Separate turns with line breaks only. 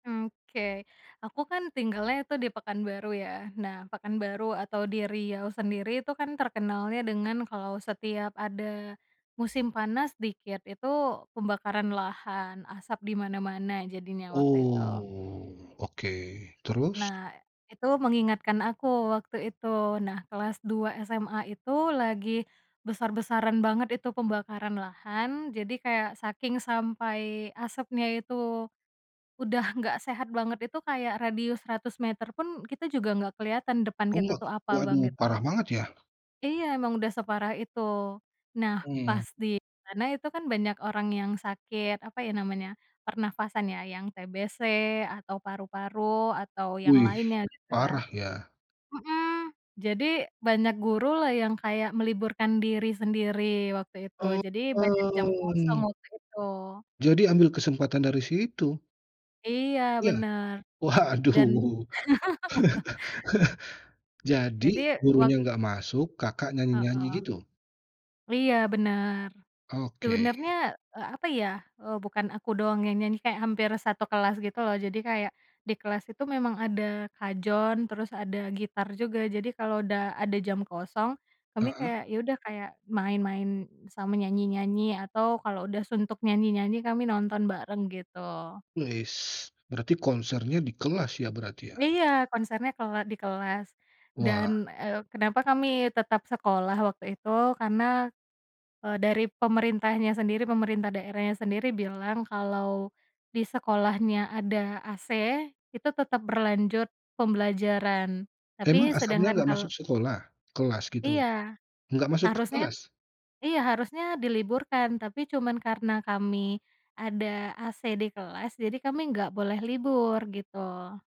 Oke, aku kan tinggalnya itu di Pekanbaru ya nah Pekanbaru atau di Riau sendiri itu kan terkenalnya dengan kalau setiap ada, musim panas dikit itu, pembakaran lahan, asap dimana-mana jadinya waktu itu.
Oh oke terus?
Nah, itu mengingatkan aku waktu itu nah kelas 2 SMA itu lagi, besar-besaran banget itu pembakaran lahan jadi kayak saking sampai asapnya itu, udah enggak sehat banget itu kayak radius 100 meter pun kita juga enggak keliatan depan kita
Kuat,
tuh apa Bang,
waduh parah
gitu,
banget ya?
iya emang udah separah itu, nah
Mmm.
pasti karena itu kan banyak orang yang sakit apa ya namanya, pernafasan ya yang TBC atau paru-paru atau yang
Wih,
lainnya gitu ya,
parah ya.
mhm, jadi banyak guru lah yang kayak meliburkan diri sendiri waktu itu
Mmm,
jadi banyak jam kosong
mmm.
waktu itu.
Jadi ambil kesempatan dari situ.
Iya
Iya?
bener, dan.
Waduh. Jadi,
Jadi wak
gurunya enggak masuk Kakak nyanyi-nyanyi
Heeh.
gitu?
Iya bener.
Oke.
Sebenarnya eee, apa ya, eee, bukan aku doang yang nyanyi kayak hampir 1 kelas gitu loh jadi kayak, di kelas itu memang ada kajon terus ada gitar juga jadi kalau udah ada jam kosong, kami
Heeh.
kayak ya udah kayak main-main sama nyanyi-nyanyi atau kalau udah suntuk nyanyi-nyanyi kami nonton bareng gitu.
Wes, berarti konsernya di kelas ya, berarti ya?
Iya konsernya kela di kelas, dan,
Wah.
eee, kenapa kami tetap sekolah waktu itu, karena, eee, dari pemerintahnya sendiri pemerintah daerahnya sendiri bilang kalau, di sekolahnya ada AC itu tetap berlanjut pembelajaran
Memang
tapi
asapnya
sedangkan
enggak masuk
kal
sekolah? Kelas gitu?
Iya,
Enggak masuk ke
harusnya
kelas?
iya harusnya diliburkan tapi cuman karena kami, ada AC di kelas jadi kami enggak boleh libur gitu.